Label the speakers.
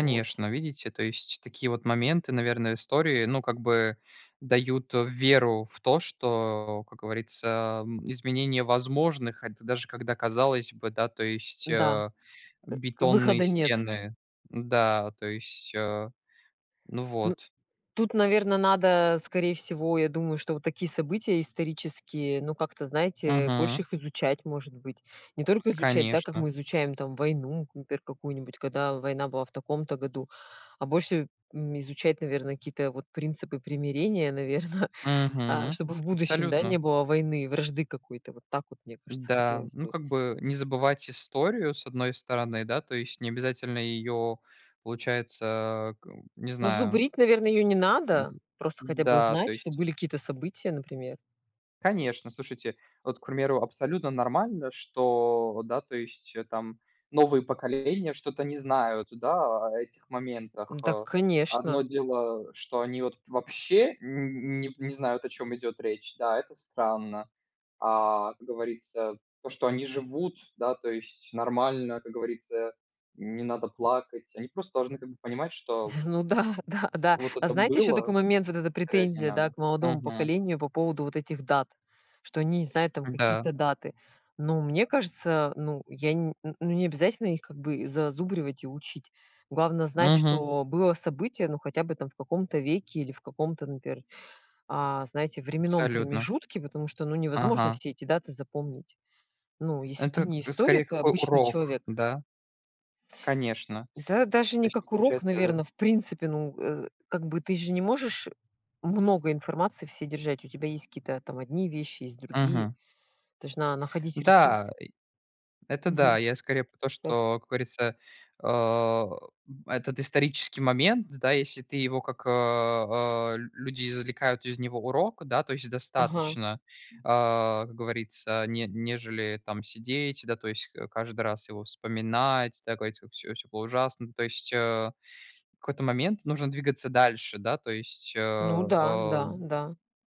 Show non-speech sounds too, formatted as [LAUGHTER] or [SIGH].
Speaker 1: Вот.
Speaker 2: Видите, то есть такие вот моменты, наверно, истории, ну, как бы дают веру в то, что, как говорится, м, изменение возможных, хот даже когда казалось бы, да, то есть,
Speaker 1: Да
Speaker 2: а
Speaker 1: ы,
Speaker 2: бетонные
Speaker 1: выхода нет.
Speaker 2: стены Да, то есть, а Ну
Speaker 1: Ну
Speaker 2: вот.
Speaker 1: Тут, наверное, надо, скорее всего, я думаю, что вот такие события исторические, ну, как-то, знаете,
Speaker 2: Мгм.
Speaker 1: больше их изучать, может быть. Не только изучать, да, как
Speaker 2: Конечно.
Speaker 1: мы изучаем там войну, например, какую-нибудь, когда война была в таком-то году. А больше, м, изучать, наверно, какие-то вот принципы примирения, наверно, а,
Speaker 2: Мгм.
Speaker 1: чтобы в будущем, да, не
Speaker 2: Абсолютно.
Speaker 1: было войны, вражды какой-то. Вот так вот, мне кажется,
Speaker 2: Да.
Speaker 1: хотелось
Speaker 2: Ну
Speaker 1: бы.
Speaker 2: как бы не забывать историю, с одной стороны, да. То есть не обязательно ее, получается а, к не
Speaker 1: Ну,
Speaker 2: знаю.
Speaker 1: зубрить, наверное, ее не надо. Просто хотя бы
Speaker 2: Да,
Speaker 1: знать,
Speaker 2: то
Speaker 1: чтобы
Speaker 2: есть
Speaker 1: были какие-то события, например.
Speaker 2: Конечно, слушайте, вот, к примеру, абсолютно нормально, что, да, то есть там новые поколения что-то не знают, да, о этих моментах.
Speaker 1: Да,
Speaker 2: А,
Speaker 1: конечно.
Speaker 2: одно дело, что они вот вообще н не не знают, о чём идет речь. Да, это странно. А, как говорится, то, что они живут, да, то есть нормально, как говорится, не надо плакать. Они просто должны как бы понимать, что
Speaker 1: [CHUCKLES] Ну да-да-да.
Speaker 2: вот
Speaker 1: А
Speaker 2: это
Speaker 1: знаете еще
Speaker 2: было.
Speaker 1: такой момент, вот эта
Speaker 2: Травять не
Speaker 1: претензия, да,
Speaker 2: надо.
Speaker 1: к молодому
Speaker 2: Мгм.
Speaker 1: поколению по поводу вот этих дат? Что они не знают там
Speaker 2: Да.
Speaker 1: какие-то даты. Ну, мне кажется, ну я не ну не обязательно их как бы зазубривать и учить. Главное знать,
Speaker 2: Мгм.
Speaker 1: что было событие, ну, хотя бы там в каком-то веке или в каком-то, например, а, знаете, временном
Speaker 2: Абсолютно.
Speaker 1: промежутке, потому что, ну, невозможно
Speaker 2: Ага.
Speaker 1: все эти даты запомнить. Ну если ты
Speaker 2: Это
Speaker 1: не
Speaker 2: к скорее
Speaker 1: историк, а
Speaker 2: как у
Speaker 1: обычный
Speaker 2: урок,
Speaker 1: человек.
Speaker 2: да? Конечно.
Speaker 1: Да даже
Speaker 2: То
Speaker 1: не
Speaker 2: есть
Speaker 1: как урок,
Speaker 2: получается
Speaker 1: наверно, в принципе, ну Э, как бы ты же не можешь много информации всей держать. У тебя есть какие-то там одни вещи, есть другие.
Speaker 2: Мгм.
Speaker 1: Должна находить ресурс.
Speaker 2: Да, и Это да.
Speaker 1: Мгм.
Speaker 2: Я скорее про то,
Speaker 1: Так.
Speaker 2: что, как говорится, а, этот исторический момент, да, если ты его как, а, люди извлекают из него урок, да, то есть
Speaker 1: Ага.
Speaker 2: достаточно, а, как говорится, не нежели там сидеть, да, то есть ка каждый раз его вспоминать, такой типа: "Всё всё было ужасно". То есть, а, в какой-то момент нужно двигаться дальше, да, то есть,
Speaker 1: Ну
Speaker 2: а
Speaker 1: да-да-да.